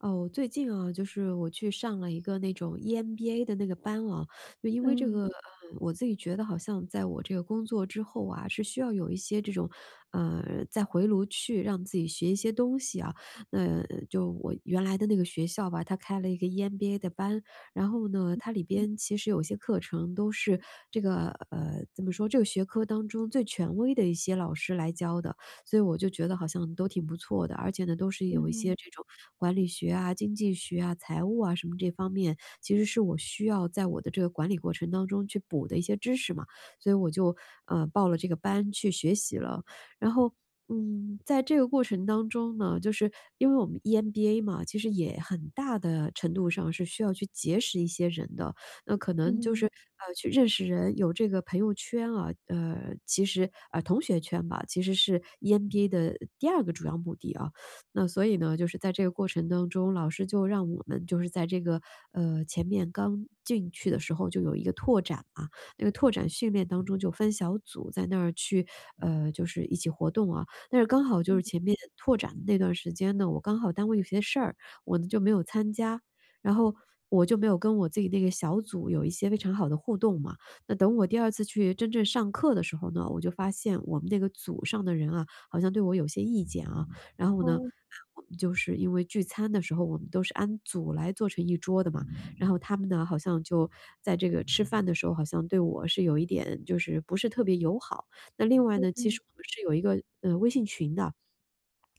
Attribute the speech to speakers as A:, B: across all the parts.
A: 哦，最近啊，就是我去上了一个那种 EMBA 的那个班啊，因为这
B: 嗯。
A: 个呃，我自己觉得好像在我这个工作之后啊，是需要有一些这种呃，再回炉去让自己学一些东西啊，那嗯，就我原来的那个学校吧，它开了一个 EMBA 的班，然后呢，
B: 嗯。
A: 它里边其实有一些课程都是这个呃，怎么说，这个学科当中最权威的一些老师来教的，所以我就觉得好像都挺不错的，而且呢，都是
B: 嗯
A: 有一些
B: 嗯。
A: 这种管理学啊、经济学啊、财务啊什么这方面，其实是我需要在我的这个管理过程当中去补的一些知识嘛，所以我就，呃，报了这个班去学习了，然后，嗯，在这个过程当中呢，就是因为我们 EMBA 嘛，其实也很大地程度上是需要去结识一些人的，那可能就是，
B: 嗯。
A: 呃，去认识人，有这个朋友圈啊，呃，其实呃，同学圈吧，其实是 EMBA 的第2个主要目的啊，那所以呢，就是在这个过程当中，老师就让我们就是在这个，呃，前面，刚进去的时候就有一个拓展啊，那个拓展训练当中，就分小组在那儿去，呃，就是一起活动啊，但是刚好就是
B: 嗯。
A: 前面拓展的那段儿时间呢，我刚好单位有些事儿，我呢就没有参加，然后我就没有跟我自己那个小组有一些非常好的互动嘛，那等我第2次去真正上课的时候呢，我就发现我们那个组上的人啊，好像对我有些意见啊，然后呢，
B: 哦。
A: 我们就是因为聚餐的时候我们都是按组来坐成一桌的嘛，然后他们呢，好像就在这个吃饭的时候，好像对我是有一点就是不是特别友好。那另外
B: 嗯
A: 呢，其
B: 嗯。
A: 实我们是有一个，呃，微信群的，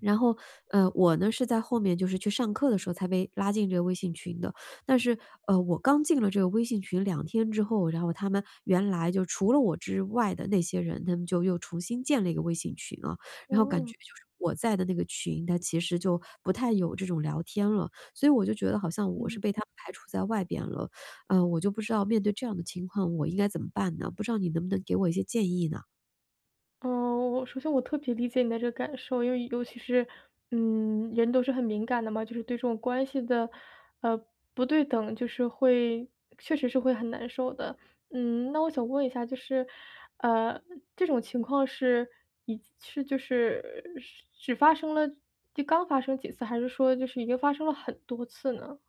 A: 然后，呃，我呢，是在后面就是去上课的时候才被拉进这个微信群的，但是，呃，我刚进了这个微信群2天之后，然后他们原来就除了我之外的那些人，他们就又重新建了一个微信群了，然后感
B: 哦。
A: 觉就是我在的那个群，它其实就不太有这种聊天了。所以我就觉得好像我
B: 嗯。
A: 是被他们排除，在外边了。啊，我就不知道面对这样的情况我应该怎么办呢？不知道你能不能给我一些建议呢？
B: 嗯，我首先我特别理解你的这个感受，因为尤其是嗯，人都是很敏感的嘛，就是对这种关系的，呃，不对等，就是会确实是会很难受的。嗯，那我想问一下就是，呃，这种情况是一是就是只发生了刚发生几次？还是说就是已经发生了很多次呢？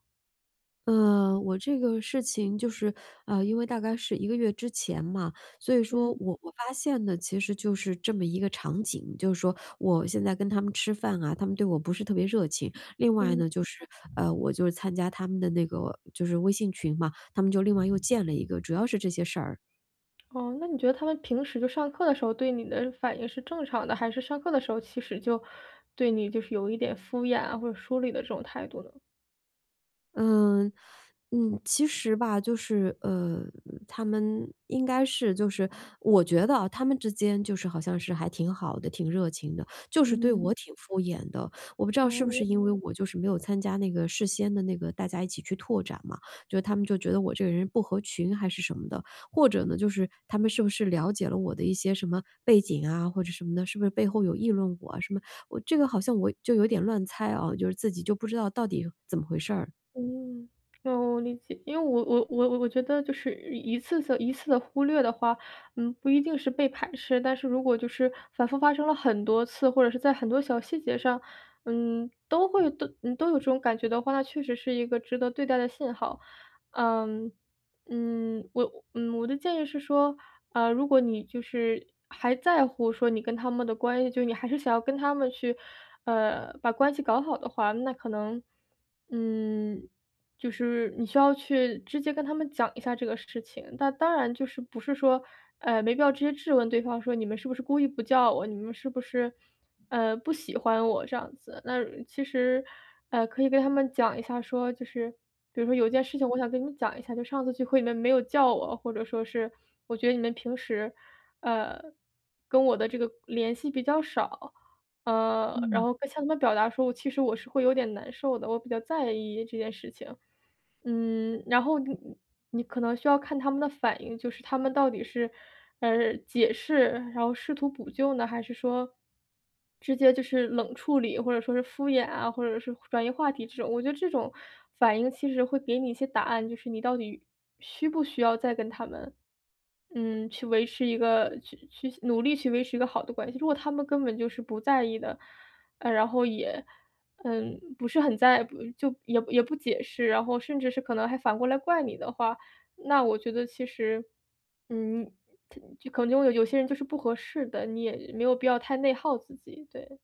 A: 呃，我这个事情就是啊，因为大概是1个月之前嘛，所以
B: 嗯。
A: 说我我发现呢，其实就是这么一个场景，就是说我现在跟他们吃饭啊，他们对我不是特别热情。另外
B: 嗯。
A: 呢，就是呃，我就是参加他们的那个，就是微信群嘛，他们就另外又建了一个，主要是这些事儿。
B: 哦，那你觉得他们平时就上课的时候，对你的反应是正常的？还是上课的时候其实就对你就是有一点敷衍啊，或者疏离的这种态度呢？
A: 嗯，嗯，其实吧，就是呃，他们应该是就是我觉得啊，他们之间就是好像是还挺好的、挺热情的，就是对
B: 嗯。
A: 我挺敷衍的。我不知道是不
B: 哦。
A: 是因为我就是没有参加那个事先的那个大家一起去拓展嘛，就他们就觉得我这个人不合群还是什么的？或者呢，就是他们是不是了解了我的一些什么背景啊或者什么的，是不是背后有议论我啊什么？我这个好像我就有点乱猜啊，就是自己就不知道到底怎么回事儿？
B: 嗯，哦，我理解，因为我我我我觉得就是一一次的一次的忽略的话，嗯，不一定是被排斥，但是如果就是反复发生了很多次，或者是在很多小细节上，嗯，都会都嗯，都有这种感觉的话，那确实是一个值得对待的信号。嗯，嗯，我嗯，我的建议是说，啊，如果你就是还在乎说你跟他们的关系，就是你还是想要跟他们去，呃，把关系搞好的话，那可能，嗯，就是你需要去直接跟他们讲一下这个事情，那当然就是不是说，哎，没必要直接质问对方说“你们是不是故意不叫我？你们是不是，呃，不喜欢我"这样子。那其实，呃，可以跟他们讲一下说，就是比如说有一件事情我想跟你讲一下，就“上次聚会你们没有叫我”，或者说是”我觉得你们平时，呃，跟我的这个联系比较少”，嗯，然
A: 嗯。
B: 后向他们表达出，其实我是会有点难受的，我比较在意这件事情。
A: 嗯。
B: 嗯，然后你你可能需要看他们的反应，就是他们到底是，呃，解释，然后试图补救呢，还是说直接就是冷处理，或者说是敷衍啊，或者是转移话题这种，我觉得这种反应其实会给你一些答案，就是你到底需不需要再跟他们，嗯，去维持一个去去努力去维持一个好的关系。如果他们根本就是不在意的，呃，然后也，嗯，不是很在不就也也不解释，然后甚至是可能还反过来怪你的话，那我觉得其实，嗯，可能用有些人就是不合适的，你也没有必要太内耗自己，对。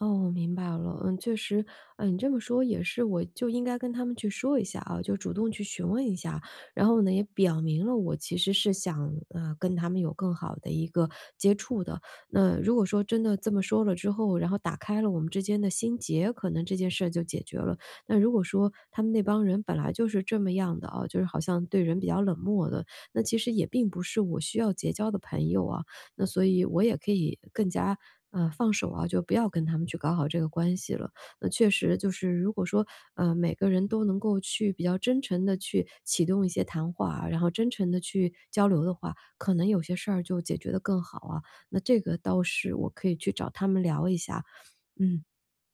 A: 哦，我明白了，嗯，确实，哎，你这么说也是，我就应该跟他们去说一下啊，就主动去询问一下，然后呢，也表明了我其实是想，呃，跟他们有更好的一个接触的，那如果说真的这么说了之后，然后打开了我们之间的心结，可能这件事就解决了。那如果说他们那帮人本来就是这么样的啊，就是好像对人比较冷漠的，那其实也并不是我需要结交的朋友啊，那所以我也可以更加，呃，放手啊，就不要跟他们去搞好这个关系了。那确实就是如果说，呃，每个人都能够去比较真诚地去启动一些谈话啊，然后真诚地去交流的话，可能有些事儿就解决得更好啊，那这个倒是我可以去找他们聊一下，嗯。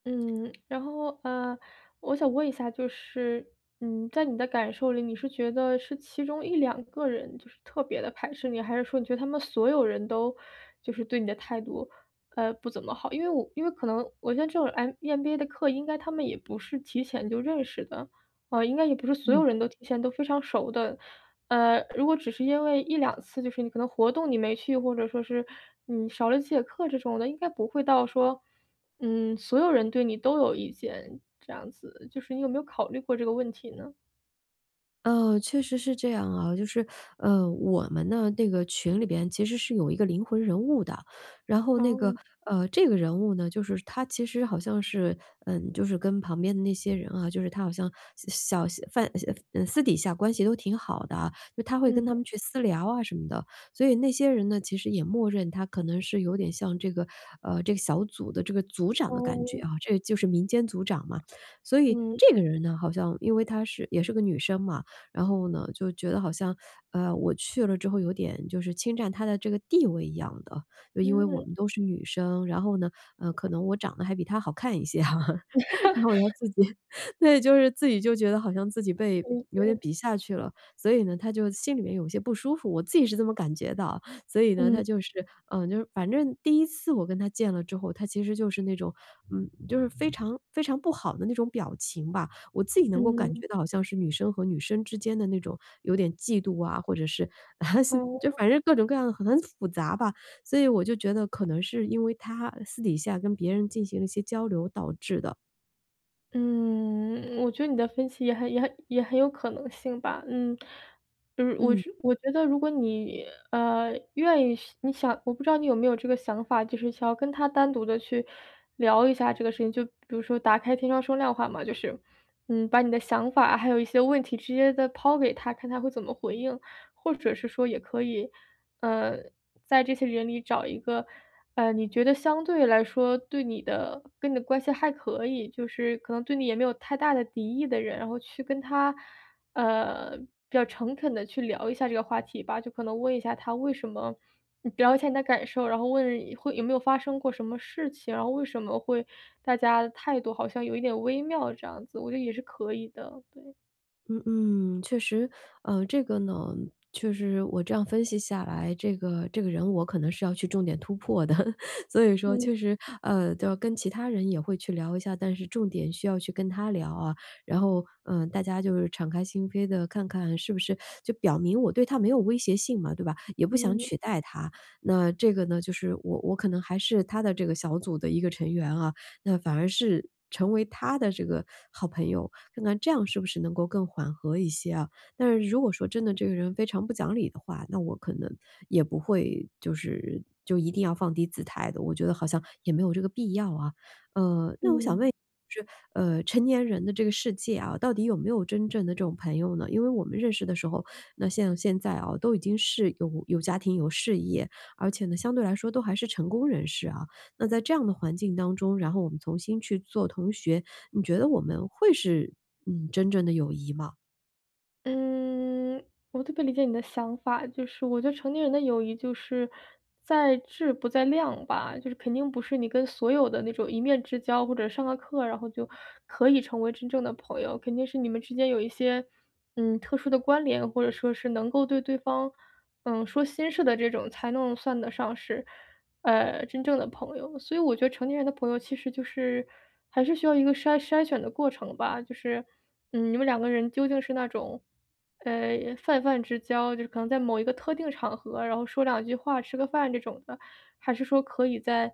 B: 嗯，然后，呃，我想问一下，就是，嗯，在你的感受里，你是觉得是其中1-2个人就是特别的排斥你，还是说你觉得他们所有人都就是对你的态度，呃，不怎么好，因为我因为可能我觉得这种 M EMBA 的课，应该他们也不是提前就认识的，啊，应该也不是所有
A: 嗯。
B: 人都提前都非常熟的。呃，如果只是因为1-2次，就是你可能活动你没去，或者说是你少了几节课这种的应该不会到说，嗯，所有人对你都有意见，这样子，就是你有没有考虑过这个问题呢？
A: 哦，确实是这样啊，就是，呃，我们的那个群里边其实是有一个灵魂人物的，然后那个
B: 哦。
A: 呃，这个人物呢，就是她其实好像是嗯，就是跟旁边的那些人啊就是她好像小小贩小呃呃，私底下关系都挺好的，就她会跟他
B: 嗯。
A: 们去私聊啊什么的。所以那些人呢，其实也默认她可能是有点像这个呃，这个小组的这个组长的感觉
B: 哦。
A: 啊，这就是民间组长嘛。所以
B: 嗯。
A: 这个人呢，好像因为她是也是个女生嘛，然后呢，就觉得好像，呃，我去了之后有点就是侵占她的这个地位一样的，就因为我
B: 嗯。
A: 们都是女生，然后呢，呃，可能我长得还比她好看一些，然后她 自己对就是自己就觉得好像自己被
B: 理
A: 有点
B: 解。
A: 比下去了，所以呢，她就心里面有些不舒服，我自己是这么感觉的啊。所以呢，
B: 嗯。
A: 她就是呃，就是反正第1次我跟她见了之后，她其实就是那种嗯，就是非常非常不好的那种表情吧，我自己能够感
B: 嗯。
A: 觉到好像是女生和女生之间的那种有点嫉妒啊，或者是，四就
B: 哦。
A: 反正各种各样，很复杂吧，所以我就觉得可能是因为她私底下跟别人进行了一些交流导致的。
B: 嗯，我觉得你的分析也很也很也很有可能性吧，嗯。嗯，我
A: 嗯。
B: 觉我觉得如果你，呃，愿意你想我不知道你有没有这个想法，就是想要跟她单独地去聊一下这个事情，就比如说打开天窗说亮话嘛，就是，嗯，把你的想法还有一些问题直接地抛给她，看她会怎么回应。或者是说也可以，呃，在这些人里找一个，嗯，你觉得相对来说对你的跟你的关系还可以，就是可能对你也没有太大的敌意的人，然后去跟他，呃，比较诚恳地去聊一下这个话题吧，就可能问一下他为什么聊一下你的感受，然后问一会有没有发生过什么事情，然后为什么会大家的态度好像有一点微妙这样子，我觉得也是可以的，对。
A: 嗯嗯，确实。呃，这个呢，确实，我这样分析下来，这个这个人我可能是要去重点突破的，所以说
B: 嗯。
A: 确实，呃，就要跟其他人也会去聊一下，但是重点需要去跟她聊啊。然后，嗯，大家就是敞开心扉地看看是不是 就表明我对她没有威胁性嘛，对吧？也不想
B: 嗯。
A: 取代她。那这个呢，就是我我可能还是她的这个小组的一个成员啊，那反而是成为她的这个好朋友，看看这样是不是能够更缓和一些啊？但是如果说真的这个人非常不讲理的话，那我可能也不会就是就一定要放低姿态的，我觉得好像也没有这个必要啊。呃，那我想问
B: 嗯。
A: 一就是，呃，成年人的这个世界啊，到底有没有真正的这种朋友呢？因为我们认识的时候那像现在啊，都已经是有有家庭、有事业，而且呢，相对来说都还是成功人士啊。那在这样的环境当中，然后我们重新去做同学，你觉得我们会是，嗯，真正的友谊吗？
B: 嗯，我特别理解你的想法，就是我觉得成年人的友谊，就是在质不在量吧，就是肯定不是你跟所有的那种一面之交或者上了课，然后就可以成为真正的朋友。肯定是你们之间有一些，嗯，特殊的关联，或者说是能够对对方，呃，说心事的这种，才能算得上是，呃，真正的朋友。所以我觉得成年人的朋友其实就是还是需要一个筛筛选的过程吧，就是，嗯，你们两个人究竟是那种，呃，泛泛之交，就是可能在某一个特定场合，然后说两句话，吃个饭这种的，还是说可以在，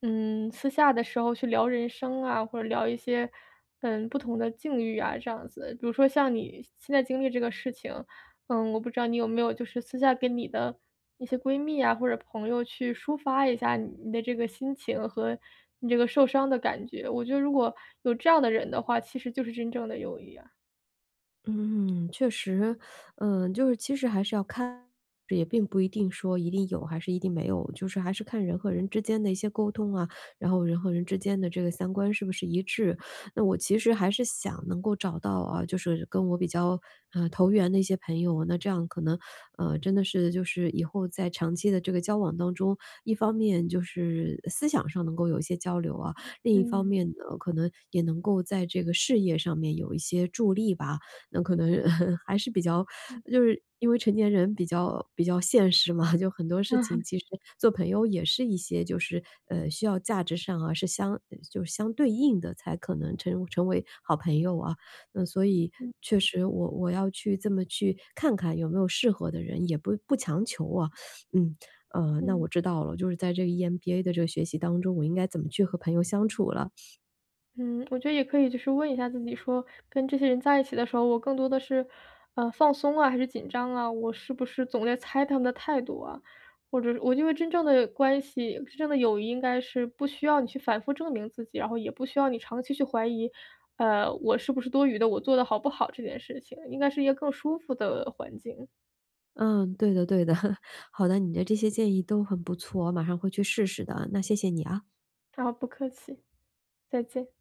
B: 嗯，私下的时候去聊人生啊，或者聊一些，嗯，不同的境遇啊这样子。比如说像你现在经历这个事情，呃，我不知道你有没有就是私下跟你的一些闺蜜啊，或者朋友去抒发一下你你的这个心情和你这个受伤的感觉，我觉得如果有这样的人的话，其实就是真正的友谊啊。
A: 嗯，确实，呃，就是其实还是要看，也并不一定说一定有还是一定没有，就是还是看人和人之间的一些沟通啊，然后人和人之间的这个三观是不是一致。那我其实还是想能够找到啊，就是跟我比较，呃，投缘的一些朋友，那这样可能，呃，真的是就是以后在长期的这个交往当中，一方面就是思想上能够有一些交流啊，另一方
B: 嗯。
A: 面呢，可能也能够在这个事业上面有一些助力吧。那可能 还是比较
B: 嗯。
A: 就是因为成年人比较比较现实嘛，就很多事
B: 嗯
A: 情
B: 哼。
A: 其实做朋友也是一些就是，呃，需要价值上啊，是相就相对应的才可能成成为好朋友啊。那所以
B: 嗯。
A: 确实我我要去这么去看看有没有适合的人，也不不强求啊。嗯，啊，那
B: 嗯。
A: 我知道了，就是在这个 EMBA 的这个学习当中，我应该怎么去和朋友相处了。
B: 嗯，我觉得也可以就是问一下自己说，跟这些人在一起的时候，我更多的是，啊，放松啊，还是紧张啊？我是不是总在猜他们的态度啊？或者我因为真正的关系、真正的友谊应该是不需要你去反复证明自己，然后也不需要你长期去怀疑，呃，我是不是多余的，我做得好不好这件事情，应该是一个更舒服的环境。
A: 呃，对的对的，好的，你的这些建议都很不错，我马上会去试试的，那谢谢你，啊。
B: 好，不客气，再见。